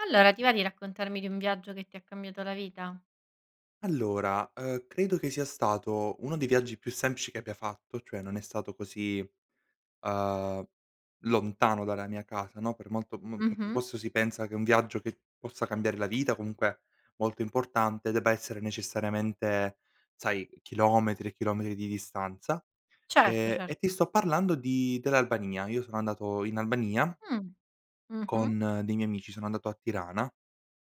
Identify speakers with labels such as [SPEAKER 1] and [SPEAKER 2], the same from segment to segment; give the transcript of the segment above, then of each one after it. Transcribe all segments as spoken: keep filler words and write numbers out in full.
[SPEAKER 1] Allora ti va di raccontarmi di un viaggio che ti ha cambiato la vita?
[SPEAKER 2] Allora, uhm, credo che sia stato uno dei viaggi più semplici che abbia fatto, cioè non è stato così, uhm, lontano dalla mia casa no, per molto mol mentr
[SPEAKER 1] Mh-mh.
[SPEAKER 2] posso si pensa che un viaggio che possa cambiare la vita, comunque molto importante, debba essere necessariamente, sai, chilometri e chilometri di distanza,
[SPEAKER 1] Certo,
[SPEAKER 2] ehm,
[SPEAKER 1] cer
[SPEAKER 2] e ti sto parlando di dell'Albania. Io sono andato in Albania
[SPEAKER 1] Mh. Mh-mh.
[SPEAKER 2] con dei miei amici. Sono andato a Tirana.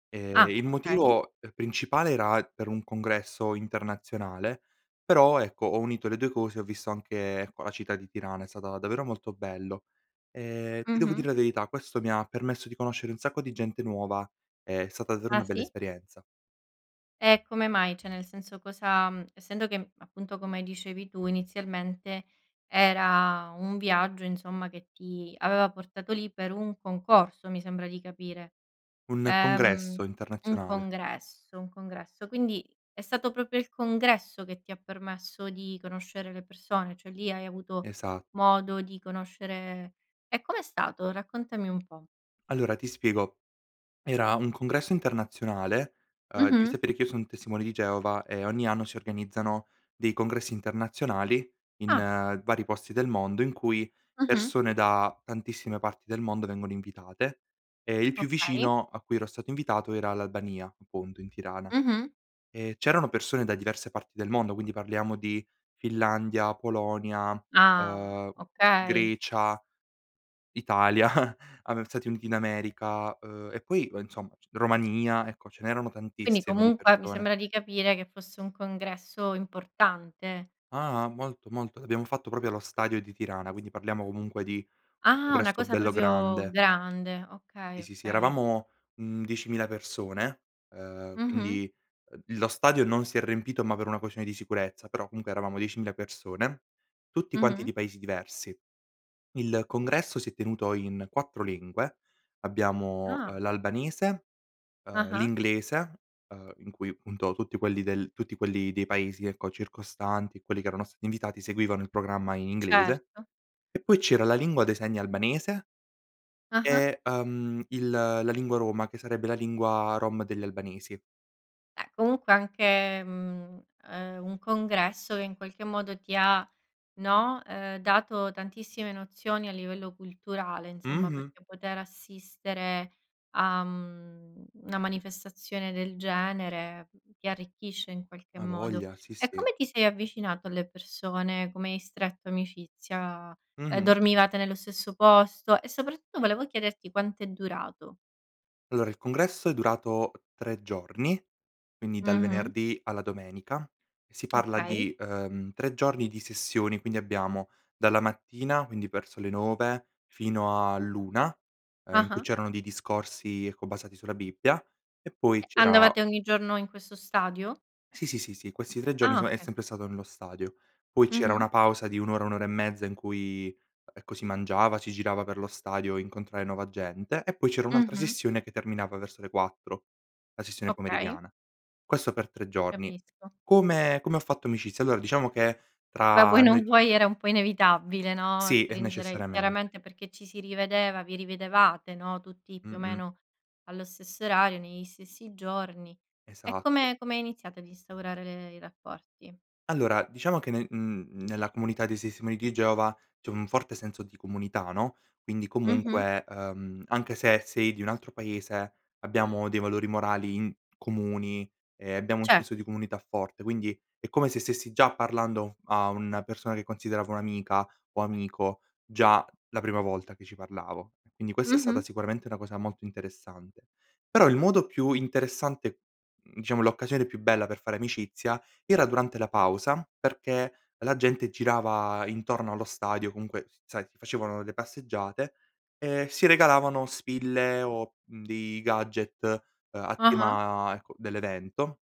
[SPEAKER 2] Ehm,
[SPEAKER 1] Ah,
[SPEAKER 2] il
[SPEAKER 1] okay.
[SPEAKER 2] motivo, uhm, principale era per un congresso internazionale, però ecco, ho unito le due cose, ho visto anche co la città di Tirana, è stata davvero molto bello. Ehm, ti devo dire
[SPEAKER 1] Mh-mh.
[SPEAKER 2] la verità, questo mi ha permesso di conoscere un sacco di gente nuova, è stata davvero una
[SPEAKER 1] Ah
[SPEAKER 2] bella
[SPEAKER 1] sì?
[SPEAKER 2] esperienza.
[SPEAKER 1] E come mai? ceh nel senso cosa mhmm, essendo che, mhmm, appunto come dicevi tu, inizialmente era un viaggio, insomma, che ti aveva portato lì per un concorso, mi sembra di capire.
[SPEAKER 2] Un
[SPEAKER 1] Ehm,
[SPEAKER 2] congresso
[SPEAKER 1] un
[SPEAKER 2] internazionale.
[SPEAKER 1] congresso, un congresso, quindi è stato propio il congresso che ti ha permesso di conoscere le persone, cioè lì hai avuto
[SPEAKER 2] Esa
[SPEAKER 1] modo di conoscere e come è stato? Raccontami un po'.
[SPEAKER 2] Allora ti spiego: era un congresso internazionale. Uhm, devi
[SPEAKER 1] Mh-mh.
[SPEAKER 2] sapere che io son testimone di Geova e ogni anno si organizzano dei congressi internazionali, in
[SPEAKER 1] Ah.
[SPEAKER 2] vari posti del mondo, in cui
[SPEAKER 1] Mh-mh.
[SPEAKER 2] persone da tantissime parti del mondo vengono invitate e il più
[SPEAKER 1] Okay.
[SPEAKER 2] vicino a cui ero stato invitato era l'Albania, appunto, in Tirana.
[SPEAKER 1] Mh-mh.
[SPEAKER 2] E c'erano persone da diverse parti del mondo, quindi parliamo di: Finlandia, Polonia,
[SPEAKER 1] Ah,
[SPEAKER 2] uhm,
[SPEAKER 1] o okay.
[SPEAKER 2] Grecia, Italia, Ame Stati Uniti d'America, uhm e poi, ue insomma c Romania; ecco, ce n'erano
[SPEAKER 1] Quindi
[SPEAKER 2] tantissime di
[SPEAKER 1] comunque, mi
[SPEAKER 2] persone.
[SPEAKER 1] sembra di capire, che fosse un congresso importante.
[SPEAKER 2] Ah-ah, molto, molto. Abbiamo fatto probio lo stadio di Tirana. Quindi parliamo comunque di un
[SPEAKER 1] Ah! Una
[SPEAKER 2] congresso
[SPEAKER 1] cosa
[SPEAKER 2] bello
[SPEAKER 1] propio
[SPEAKER 2] grande.
[SPEAKER 1] grande. Okay,
[SPEAKER 2] Sì, sì, sì.
[SPEAKER 1] okay.
[SPEAKER 2] Eravamo, mhmm, diecimila persone, uhm,
[SPEAKER 1] Mh-mh.
[SPEAKER 2] quindi, uhm, lo stadio non si è rempito, ma per una quescione di sicurezza, però comunque eravamo diecimila persone. Tutti quanti
[SPEAKER 1] Mh-mh.
[SPEAKER 2] di paesi diversi. Il congresso si è tenuto in quattro lingue: abbiamo,
[SPEAKER 1] Ah.
[SPEAKER 2] uhm l'albanese, uhm,
[SPEAKER 1] Ah-ah.
[SPEAKER 2] l'inglese, uhm, in cui, punto, tutti quelli del tutti quelli dei paesi, ecco, circostanti, quelli che erano stati invitati, seguivano il programma inglese
[SPEAKER 1] Certo.
[SPEAKER 2] e poi c'era la lingua dei segni albanese
[SPEAKER 1] Ah-ah.
[SPEAKER 2] e, uhm, il la lingua roma, che sarebbe la lingua rom degli albanesi.
[SPEAKER 1] Eh, comunque anche mhmm, uhm, un congresso che in qualche modo ti ha, no, ehm, dato tantissime nozioni a livello culturale, insomma,
[SPEAKER 2] Mh-mh.
[SPEAKER 1] perché poter assistere a, mhmm, na manifestazione del genere ti arricchisce in qualche
[SPEAKER 2] A
[SPEAKER 1] modo.
[SPEAKER 2] voglia, sì,
[SPEAKER 1] E
[SPEAKER 2] sì.
[SPEAKER 1] come ti sei avvicinato alle persone, come hai stretto amicizia ehm,
[SPEAKER 2] Mh-mh.
[SPEAKER 1] dormivate nello stesso posto e sopratto volevo chiederti quant'è durato?
[SPEAKER 2] Allora il congresso è durato tre giorni, quindi dal
[SPEAKER 1] Mh-mh.
[SPEAKER 2] venerdì alla domenica e si parla
[SPEAKER 1] Okay.
[SPEAKER 2] di, uhm, tre giorni di sessioni. Quindi abbiamo: dalla mattina, quindi verso le nove fino all'una, uhm, in cui
[SPEAKER 1] Ah-ah.
[SPEAKER 2] c'erano dei discorsi, ecco, basati sulla Bibbia e
[SPEAKER 1] E
[SPEAKER 2] poi c'era
[SPEAKER 1] andavate ogni giorno in questo stadio?
[SPEAKER 2] Sì, sì, sì, sì. Questi tre giorni
[SPEAKER 1] Ah,
[SPEAKER 2] soma è
[SPEAKER 1] okay.
[SPEAKER 2] sempre stato nello stadio. Poi c'era
[SPEAKER 1] Mh-mh.
[SPEAKER 2] una pausa di un ora, un ora e mezza, in cui, ecco, si mangiava, si girava per lo stadio a incontrare nuova gente e poi c'era un'altra
[SPEAKER 1] Mh-mh.
[SPEAKER 2] sessione che terminava verso le quattro, la sessione
[SPEAKER 1] Okay.
[SPEAKER 2] pomeridiana. Questo per tre giorni.
[SPEAKER 1] Capisco.
[SPEAKER 2] Come come ho fatto amicizia? Allora diciamo che
[SPEAKER 1] Beh, vuoi
[SPEAKER 2] tra
[SPEAKER 1] non
[SPEAKER 2] noi
[SPEAKER 1] vuoi era un po' inevitabile, no,
[SPEAKER 2] Sì, e
[SPEAKER 1] stringere
[SPEAKER 2] necessariamen
[SPEAKER 1] chiaramente perché ci si rivedeva vi rividevate no, tutti più o
[SPEAKER 2] Mh-mh.
[SPEAKER 1] meno allo stesso orario, negli stessi giorni; e
[SPEAKER 2] Esatto.
[SPEAKER 1] come come iniziate ad instaurare le i rapporti?
[SPEAKER 2] Allora diciamo che nel mhmm, nella comunità dei sestimoni di Geova c'è un forte senso di comunità no, quindi
[SPEAKER 1] Mh-mh.
[SPEAKER 2] comunque, ehm, anche se sei di un altro paese abbiamo dei valori morali in comuni, ehm, abbiamo un
[SPEAKER 1] Cert
[SPEAKER 2] senso di comunità forte. Quindi è come se stessi già parlando a una persona che considero come un'amica o amico già la prima volta che ci parlavo. Quindi questa è stata
[SPEAKER 1] Mh-mh.
[SPEAKER 2] sicuramente una cosa molto interessante. Però il modo più interessante, mhmm diciamo l'occasione più bella per fare amicizia era durante la pausa perché la gente girava intorno allo stadio, comunque sai facevano le passeggiate, e si regalavano spille o, mhmm, dei gadget, uhm, a
[SPEAKER 1] Ah-ah.
[SPEAKER 2] tema, ecco, dell'evento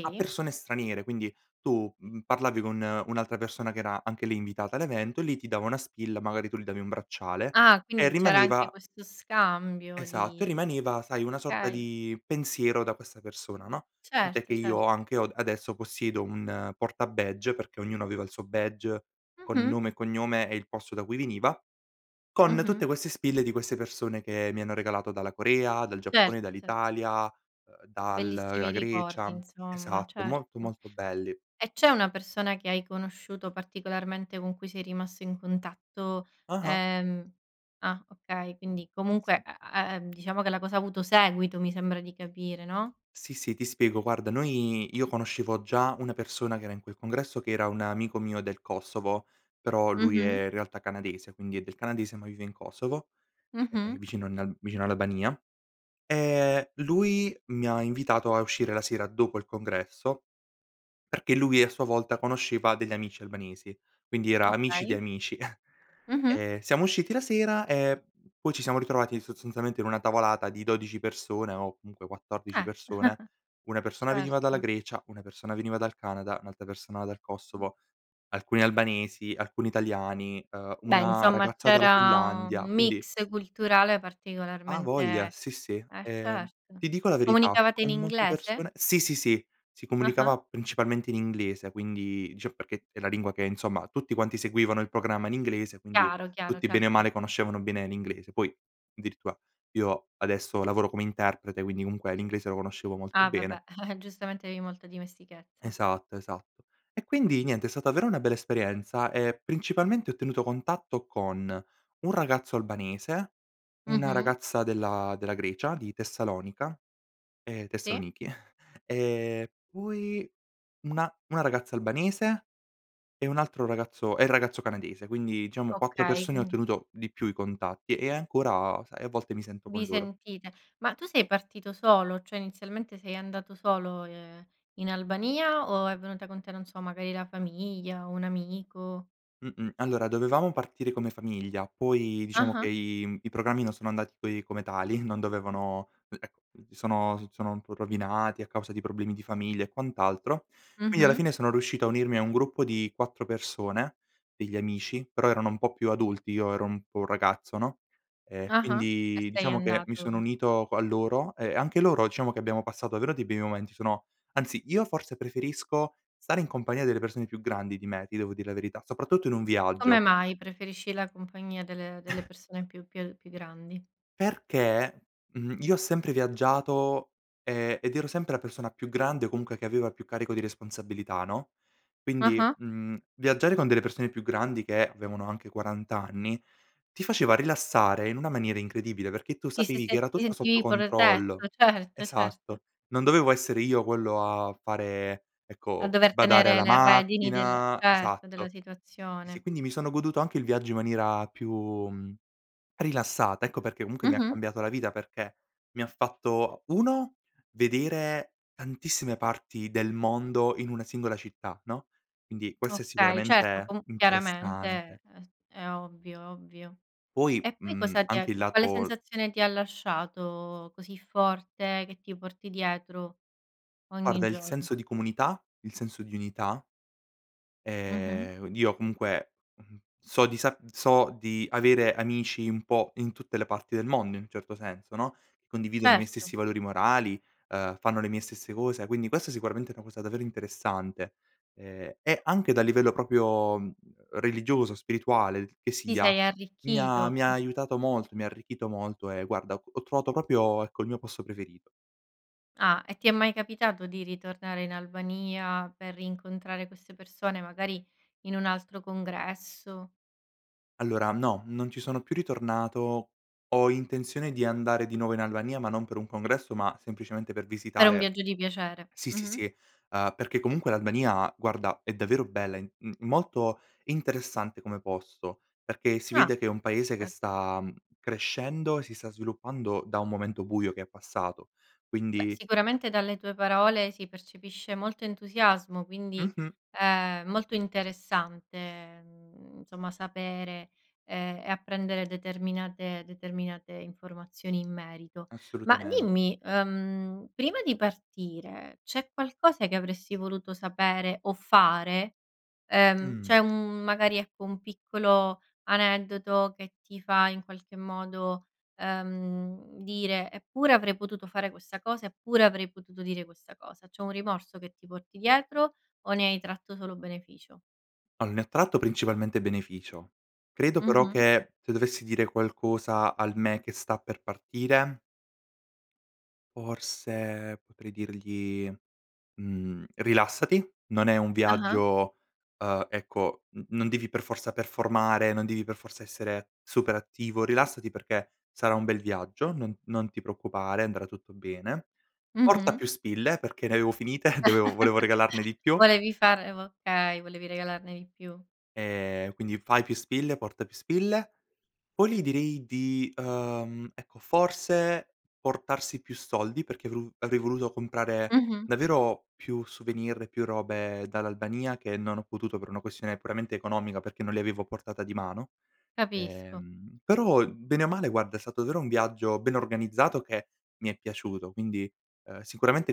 [SPEAKER 2] a persone straniere. Quindi tu, mhmm, parlavi con un'altra persona che era anche lì invitata all'evento, lì ti dava una spilla magari tu gli davi un bracciale
[SPEAKER 1] Ah,
[SPEAKER 2] e
[SPEAKER 1] quindi c'era anche
[SPEAKER 2] rimaneva
[SPEAKER 1] questo scambio
[SPEAKER 2] Esatto e
[SPEAKER 1] di
[SPEAKER 2] rimaneva sai una sorta
[SPEAKER 1] okay.
[SPEAKER 2] di pensiero da questa persona no; tantè che
[SPEAKER 1] Certo
[SPEAKER 2] io
[SPEAKER 1] cert
[SPEAKER 2] anche ho adesso possiedo un porta badge, perché ognuno aveva il suo badge con
[SPEAKER 1] Mh-mh.
[SPEAKER 2] nome e cognome e il posto da cui veniva, con tutte
[SPEAKER 1] Mh-mh.
[SPEAKER 2] queste spille di queste persone che mi hanno regalato dalla Corea, dal Giappone,
[SPEAKER 1] Certo, cer
[SPEAKER 2] dall'Italia, uhm, dal la
[SPEAKER 1] Bellissimi ricordi,
[SPEAKER 2] Grecia.
[SPEAKER 1] insomma.
[SPEAKER 2] Esatto, molto
[SPEAKER 1] Certo.
[SPEAKER 2] molto belli.
[SPEAKER 1] E c'è una persona che hai conosciuto particolarmente con cui sei rimasto in contatto,
[SPEAKER 2] Ah-ah.
[SPEAKER 1] ehm ah, okay. Quindi
[SPEAKER 2] E
[SPEAKER 1] comunque
[SPEAKER 2] sì.
[SPEAKER 1] a a e ehm, diciamo che la cosa ha avuto seguito mi sembra di capire, no?
[SPEAKER 2] Sì sì, ti spiego. Guarda noi io conoscevo già una persona che era in quel congresso che era un amico mio del Kosovo, però lui
[SPEAKER 1] Mh-mh.
[SPEAKER 2] è in realtà canadese quindi è del canadese ma vive in Kosovo, e ehm
[SPEAKER 1] Mh-mh.
[SPEAKER 2] vicino a nal vicino all'Albania. Ehm, lui mi ha invitato a uscire la sera dopo il congresso, perché lui a sua volta conosceva degli amici albanesi, quindi era amici di
[SPEAKER 1] Okay.
[SPEAKER 2] amici.
[SPEAKER 1] Mh-mh.
[SPEAKER 2] Ehm, siamo usciti la sera e p poi ci siamo ritrovati sozolziamente in una tavolata di dodici persone o comunque quattordici
[SPEAKER 1] Eh.
[SPEAKER 2] persone: una persona veniva dalla
[SPEAKER 1] Certo.
[SPEAKER 2] Grecia, una persona veniva dal Canada, un'altra persona dal Kosovo, alcuni albanesi, alcuni italiani, ehm,
[SPEAKER 1] Beh,
[SPEAKER 2] una
[SPEAKER 1] insomma
[SPEAKER 2] ragazza dalla
[SPEAKER 1] c'era un
[SPEAKER 2] Finlandia. Quindi
[SPEAKER 1] mix culturale
[SPEAKER 2] A
[SPEAKER 1] particolarmente
[SPEAKER 2] voglia, sì
[SPEAKER 1] eh
[SPEAKER 2] sì. Ehm,
[SPEAKER 1] certo.
[SPEAKER 2] ti dico la verità:
[SPEAKER 1] Comunicavate in
[SPEAKER 2] con molte
[SPEAKER 1] inglese?
[SPEAKER 2] persone sì, sì, sì, si
[SPEAKER 1] Ah-ah.
[SPEAKER 2] comunicava principalmente in inglese; quindi dicevo perché è la lingua che insomma tutti quanti seguivano il programma in inglese quindi
[SPEAKER 1] Chiaro, chiaro,
[SPEAKER 2] tutti bene o
[SPEAKER 1] certo.
[SPEAKER 2] male conoscevano bene l'inglese. Poi addirittura io adesso lavoro come interprete quindi comunque l'inglese lo conoscevo molto
[SPEAKER 1] A
[SPEAKER 2] bene.
[SPEAKER 1] vabbè. Giustamente avevi molta dimestichezza.
[SPEAKER 2] Esatto, esatto. E quindi niente è stata davvero una bella esperienza e principalmente ho tenuto contatto con un ragazzo albanese, una
[SPEAKER 1] Mh-mh.
[SPEAKER 2] ragazza della Grecia di Tessalonica, ehm,
[SPEAKER 1] Sì.
[SPEAKER 2] Tessanichi; e poi una una ragazza albanese e un altro ragazzo e il ragazzo canadese. Quindi diciamo quattro
[SPEAKER 1] Okay,
[SPEAKER 2] persone ho
[SPEAKER 1] quindi
[SPEAKER 2] ottenuto di più i contatti e ancora, sai, a volte mi sento con
[SPEAKER 1] Vi
[SPEAKER 2] loro.
[SPEAKER 1] sentite. Ma tu sei partito solo? ceh inizialmente sei andato solo, ehm, in Albania o è venuta con te, non so, magari la famiglia, un amico?
[SPEAKER 2] Mh-mh, allora dovevamo partire come famiglia, poi diciamo che
[SPEAKER 1] Ah-ah.
[SPEAKER 2] i, mhmm i programmi non sono andati coi come tali non dovevano e e mhmm, sono s sono un po' rovinati a causa di problemi di famiglia e quant'altro. Quindi alla
[SPEAKER 1] Mh-mh.
[SPEAKER 2] fine sono riuscito a unirmi a un gruppo di quattro persone degli amici, però erano un po' più adulti io ero un po' ragazzo no; ehm,
[SPEAKER 1] Ah-ah. E
[SPEAKER 2] quindi
[SPEAKER 1] sei
[SPEAKER 2] diciamo che mi sono
[SPEAKER 1] andato
[SPEAKER 2] unito qua a loro e anche loro diciamo che abbiamo passato davvero dei bei momenti, sono anzi io forse preferisco stare in compagnia delle persone più grandi di me ti devo dire la verità, soprattutto in un
[SPEAKER 1] Come
[SPEAKER 2] viaggio.
[SPEAKER 1] mai preferisci la compagnia delle delle persone più più più grandi?
[SPEAKER 2] Perché, mhmm, io ho sempre viaggiato, ehm, ed ero sempre la persona più grande o comunque che aveva più carico di responsabilità no; quindi,
[SPEAKER 1] Ah-ah.
[SPEAKER 2] mhmm, viaggiare con delle persone più grandi che avevano anche quarant anni ti faceva rilassare in una maniera incredibile perché tu
[SPEAKER 1] Ti si
[SPEAKER 2] sapevi che
[SPEAKER 1] senti
[SPEAKER 2] era
[SPEAKER 1] ti
[SPEAKER 2] tutto sotto
[SPEAKER 1] sentivi
[SPEAKER 2] controllo.
[SPEAKER 1] protetto, certo, certo.
[SPEAKER 2] Esatto. Non dovevo essere io quello a fare
[SPEAKER 1] A
[SPEAKER 2] ecco
[SPEAKER 1] dover
[SPEAKER 2] badare
[SPEAKER 1] tenere
[SPEAKER 2] alla
[SPEAKER 1] le redini del
[SPEAKER 2] macchina,
[SPEAKER 1] certo, della
[SPEAKER 2] esatto. Sì sì,
[SPEAKER 1] situazione.
[SPEAKER 2] quindi mi sono goduto anche il viaggio in maniera più, mhmm, rilassata ecco perché comunque mi ha
[SPEAKER 1] Mh-mh.
[SPEAKER 2] cambiato la vita perché mi ha fatto: uno vedere tantissime parti del mondo in una singola città no; quindi questo è
[SPEAKER 1] Okay, certo.
[SPEAKER 2] sicuramente
[SPEAKER 1] Comu chiaramente
[SPEAKER 2] interessante.
[SPEAKER 1] è s è ovvio, ovvio.
[SPEAKER 2] Poi,
[SPEAKER 1] E poi
[SPEAKER 2] mhmm,
[SPEAKER 1] cosa ti
[SPEAKER 2] anche il
[SPEAKER 1] ecco, quale
[SPEAKER 2] lato l
[SPEAKER 1] sensazione ti ha lasciato così forte che ti porti dietro ogni
[SPEAKER 2] Guarda il senso
[SPEAKER 1] giorno?
[SPEAKER 2] di comunità. Il senso di unità.
[SPEAKER 1] Mh-mh.
[SPEAKER 2] Ehm, io comunque, mhmm, so di sa so di avere amici un po' in tutte le parti del mondo in un certo senso, no, condividono i miei stessi
[SPEAKER 1] Certo.
[SPEAKER 2] valori morali, uhm, fanno le mie stesse cose, quindi questa è sicuramente una cosa davvero interessante. Ehm, e anche dal livello propio, mh mhmm, religioso, spirituale l che
[SPEAKER 1] Ti
[SPEAKER 2] sia,
[SPEAKER 1] sei
[SPEAKER 2] mi ha
[SPEAKER 1] arricchito,
[SPEAKER 2] mi
[SPEAKER 1] mh.
[SPEAKER 2] ha aiutato molto, mi ha arricchito molto e guarda ho trovato propio, ecco, il mio posto preferito.
[SPEAKER 1] Ah, e ti è mai capitato di ritornare in Albania per rincontrare queste persone magari in un altro congresso?
[SPEAKER 2] Allora no, non ci sono più ritornato. Ho intenzione di andare di nuovo in Albania ma non per un congresso ma semplicemente per
[SPEAKER 1] Per un
[SPEAKER 2] visitare
[SPEAKER 1] viaggio di piacere.
[SPEAKER 2] sì, sì,
[SPEAKER 1] Mh-mh.
[SPEAKER 2] sì. Uhm, perché comunque l'Albania guarda è davvero bella in m molto interessante come posto, perché si
[SPEAKER 1] Ah.
[SPEAKER 2] vede che è un paese che
[SPEAKER 1] Certo.
[SPEAKER 2] sta, mhmm, crescendo e si sta sviluppando da un momento buio che è passato.
[SPEAKER 1] Beh,
[SPEAKER 2] Quindi
[SPEAKER 1] sicuramente dalle tue parole si percepisce molto entusiasmo, quindi,
[SPEAKER 2] Mh-mh.
[SPEAKER 1] ehm, molto interessante, mhmm, insomma sapere, ehm, e apprendere determinate determinate informazioni in merito. Ma
[SPEAKER 2] Assolutamente.
[SPEAKER 1] dimmi, uhm, prima di partire c'è qualcosa che avresti voluto sapere o fare? Ehm,
[SPEAKER 2] Mh.
[SPEAKER 1] c'è un mhmm, magari, ecco, un piccolo aneddoto che ti fa in qualche modo, ehm, dire: "Eppure avrei potuto fare questa cosa, eppure avrei potuto dire questa cosa." C'è un rimorso che ti porti dietro o ne hai tratto solo beneficio?
[SPEAKER 2] Al ne tratto principalmente beneficio. Credo, però,
[SPEAKER 1] Mh-mh.
[SPEAKER 2] che se dovessi dire qualcosa al me che sta per partire forse, potrei dirgli, mhmm: “Rilassati. Non è un
[SPEAKER 1] Ah-ah.
[SPEAKER 2] viaggio, uhm, ecco n non devi per forza performare, non devi per forza essere super attivo. Rilassati perché sarà un bel viaggio, non non ti preoccupare, andrà tutto bene. Porta
[SPEAKER 1] Mh-mh.
[SPEAKER 2] più spille.“ Perché ne avevo finite, dovevo volevo regalarne di più.
[SPEAKER 1] Volevi fare vo Okay, volevi regalarne di più.
[SPEAKER 2] “Ehm, quindi fai più spille, porta più spille. Poi, gli direi di uhm, ecco, forse, portarsi più soldi perché vru avrei voluto comprare
[SPEAKER 1] Mh-mh.
[SPEAKER 2] davvero più souvenir, più robe dall'Albania, che non ho potuto per una questione puramente economica, perché non li avevo a portata di mano.
[SPEAKER 1] Capisco.
[SPEAKER 2] Ehm, però bene o male, guarda, è stato daero un viaggio ben organizzato che mi è piaciuto, quindi, uhm, sicuramente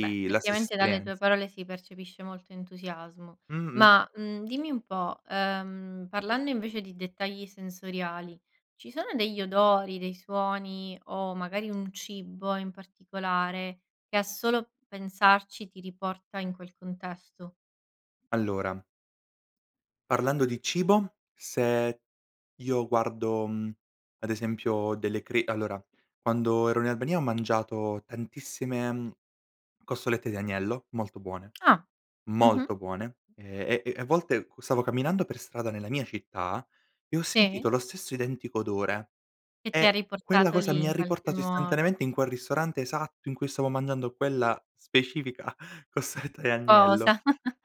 [SPEAKER 1] Beh,
[SPEAKER 2] la stessa
[SPEAKER 1] ettivamente, dalle
[SPEAKER 2] esperienz
[SPEAKER 1] tue parole si percepisce molto entusiasmo.
[SPEAKER 2] Mh-mh.
[SPEAKER 1] Ma, mhmm, dimmi un po', uhm, parlando invece di dettagli sensoriali, ci sono degli odori, dei suoni, o, magari, un cibo in particolare, che a solo pensarci, ti riporta in quel contesto?
[SPEAKER 2] Allora parlando di cibo, se io guardo, mhmm, ad esempio delle cre allora, quando ero in Albania ho mangiato tantissime, mhmm, costolette di agnello, molto buone,
[SPEAKER 1] Ah. Mh-mh.
[SPEAKER 2] molto buone, ehm, e e a volte, qu stavo camminando per strada nella mia città, e ho
[SPEAKER 1] Sì.
[SPEAKER 2] sentito lo stesso identico odore,
[SPEAKER 1] Che ti ha
[SPEAKER 2] e quella
[SPEAKER 1] riportato
[SPEAKER 2] cosa
[SPEAKER 1] lì
[SPEAKER 2] mi
[SPEAKER 1] in qualche
[SPEAKER 2] riportato
[SPEAKER 1] modo.
[SPEAKER 2] istantaneamente in quel ristorante esatto in cui stavo mangiando quella specifica costoletta di agnello.
[SPEAKER 1] Cosa?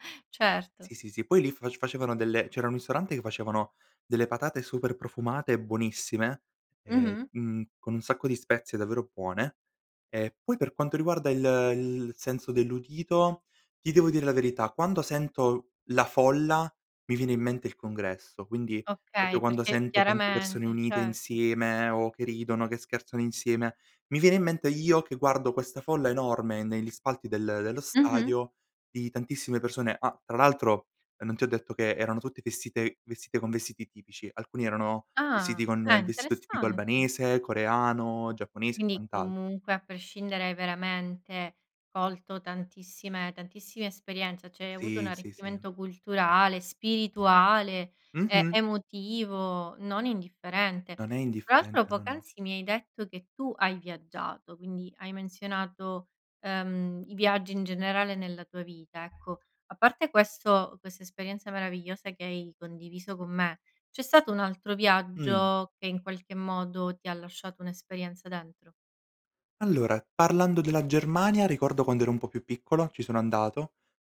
[SPEAKER 1] Certo.
[SPEAKER 2] Sì, sì, sì. Poi lì fac facevano delle c'era un ristorante che facevano delle patate super profumate e buonissime, e,
[SPEAKER 1] Mh-mh.
[SPEAKER 2] mhmm con un sacco di spezie davvero puone, e, poi, per quanto riguarda il il senso dell'udito, ti devo dire la verità, quando sento la folla, mi viene in mente il congresso. Quindi, popio
[SPEAKER 1] Okay,
[SPEAKER 2] quando
[SPEAKER 1] perché
[SPEAKER 2] sento tante persone
[SPEAKER 1] chiaramente
[SPEAKER 2] unite
[SPEAKER 1] certo.
[SPEAKER 2] insieme, o che ridono, che scherzano insieme, mi viene in mente io che guardo questa folla enorme negli spalti del dello
[SPEAKER 1] Mh-mh.
[SPEAKER 2] stadio, di tantissime persone Ah, tra l'altro, non ti ho detto che erano tutti festite vestite con vestiti tipici, alcuni erano vestiti
[SPEAKER 1] Ah.
[SPEAKER 2] con
[SPEAKER 1] Eh,
[SPEAKER 2] il vestito tipico
[SPEAKER 1] interessante.
[SPEAKER 2] albanese, coreano, giapponese e
[SPEAKER 1] Quindi,
[SPEAKER 2] quant'al
[SPEAKER 1] comunque, a prescindere, hai veramente colto tantissime tantissime esperienze, cioè, hai avuto un
[SPEAKER 2] Sì. Sì, sì.
[SPEAKER 1] arricchimento culturale, spirituale, ehm,
[SPEAKER 2] Mh-mh.
[SPEAKER 1] emotivo, non indifferente.
[SPEAKER 2] Non è
[SPEAKER 1] Tra l'altro,
[SPEAKER 2] indifferente. No, no.
[SPEAKER 1] poc'anzi mi hai detto che tu hai viaggiato, quindi, hai menzionato, uhm, i viaggi, in generale, nella tua vita, ecco. A parte questo quest'esperienza meravigliosa che hai condiviso con me, c'è stato un altro
[SPEAKER 2] Mh.
[SPEAKER 1] viaggio che in qualche modo ti ha lasciato un'esperienza dentro?
[SPEAKER 2] Allora, parlando della Germania, ricordo quando ero un po' più piccolo, ci sono andato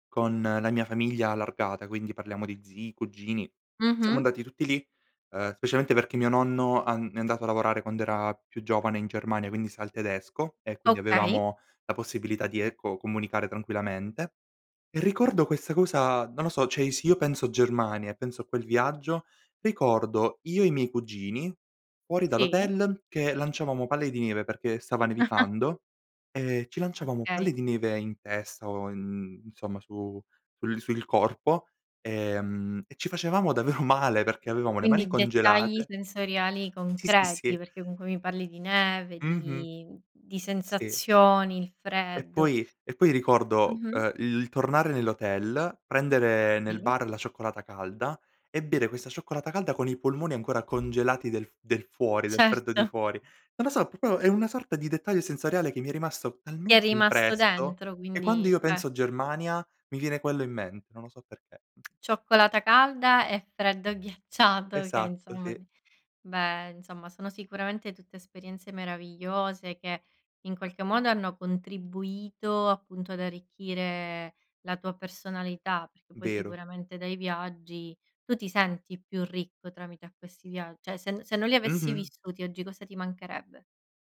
[SPEAKER 2] con la mia famiglia allargata, quindi, parliamo di zii, cugini. Siamo
[SPEAKER 1] Mh-mh.
[SPEAKER 2] andati tutti lì, uhm, specialmente perché mio nonno an è andato a lavorare quando era più giovane in Germania, quindi, sa il tedesco, e quindi,
[SPEAKER 1] Okay.
[SPEAKER 2] avevamo la possibilità di, ecco, comunicare tranquillamente. E, ricordo questa cosa, non lo so cioè, se io penso Germania, e penso a quel viaggio, ricordo io e i miei cugini fuori
[SPEAKER 1] Sì.
[SPEAKER 2] dall'hotel che lanciavamo palle di neve, perché stava nevicando, e ci lanciavamo palle
[SPEAKER 1] Okay.
[SPEAKER 2] di neve in testa, o in insomma su sul sul corpo, ehm, e ci facevamo davvero male perché avevamo le mani
[SPEAKER 1] Quindi, dettagli
[SPEAKER 2] congelate
[SPEAKER 1] sensoriali
[SPEAKER 2] Sì, sì,
[SPEAKER 1] concreti
[SPEAKER 2] sì.
[SPEAKER 1] perché comunque mi parli di neve,
[SPEAKER 2] Mh-mh.
[SPEAKER 1] di di
[SPEAKER 2] Sì.
[SPEAKER 1] sensazioni, il
[SPEAKER 2] E
[SPEAKER 1] freddo.
[SPEAKER 2] poi e poi, ricordo,
[SPEAKER 1] Mh-mh.
[SPEAKER 2] uhm, il il tornare nell'hotel, prendere nel
[SPEAKER 1] Sì.
[SPEAKER 2] bar la cioccolata calda, e bere questa cioccolata calda con i polmoni ancora congelati del f del fuori, del freddo di
[SPEAKER 1] Certo.
[SPEAKER 2] fuori. Non lo so, popio è una sorta di dettaglio sensoriale che mi è rimasto
[SPEAKER 1] Ti è
[SPEAKER 2] talmente
[SPEAKER 1] rimasto
[SPEAKER 2] impresso,
[SPEAKER 1] dentro,
[SPEAKER 2] che quando
[SPEAKER 1] quindi
[SPEAKER 2] io
[SPEAKER 1] cer
[SPEAKER 2] penso Germania, mi viene quello in mente, non lo so perché.
[SPEAKER 1] Cioccolata calda e freddo ghiacciato che,
[SPEAKER 2] Esatto.
[SPEAKER 1] insomma
[SPEAKER 2] Sì.
[SPEAKER 1] di beh, insomma, sono sicuramente tutte esperienze meravigliose, che, in qualche modo, hanno contribuito, appunto, ad arricchire la tua personalità perché, poi,
[SPEAKER 2] Vero.
[SPEAKER 1] sicuramente dai viaggi tu ti senti più ricco tramite a questi via cioè, se no se non li avessi
[SPEAKER 2] Mh-mh.
[SPEAKER 1] vissuti, oggi cosa ti mancherebbe?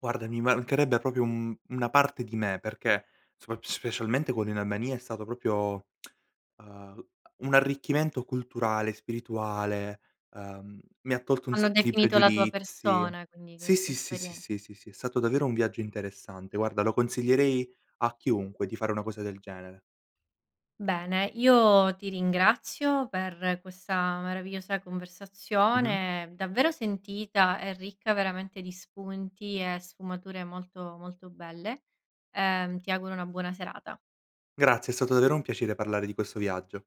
[SPEAKER 2] Guarda, mi mancherebbe popio un mhmm, una parte di me, perché sopra specialmente quello in Albania è stato propio uhm, un arricchimento culturale, spirituale, uhm, mi ha tolto un
[SPEAKER 1] Hanno
[SPEAKER 2] sacco di
[SPEAKER 1] definito la tua
[SPEAKER 2] pregiudizi.
[SPEAKER 1] persona, quindi,
[SPEAKER 2] Sì,
[SPEAKER 1] queste
[SPEAKER 2] sì, sì, sì,
[SPEAKER 1] esperien
[SPEAKER 2] sì, sì, sì. È stato davvero un viaggio interessante. Guarda, lo consiglierei a chiunque di fare una cosa del genere.
[SPEAKER 1] Bene, io ti ringrazio per questa meravigliosa
[SPEAKER 2] Mh-mh.
[SPEAKER 1] conversazione, davvero sentita, e ricca veramente di spunti, e sfumature molto, molto belle. Ehm, ti auguro una buona serata.
[SPEAKER 2] Grazie, è stato davvero un piacere parlare di questo viaggio.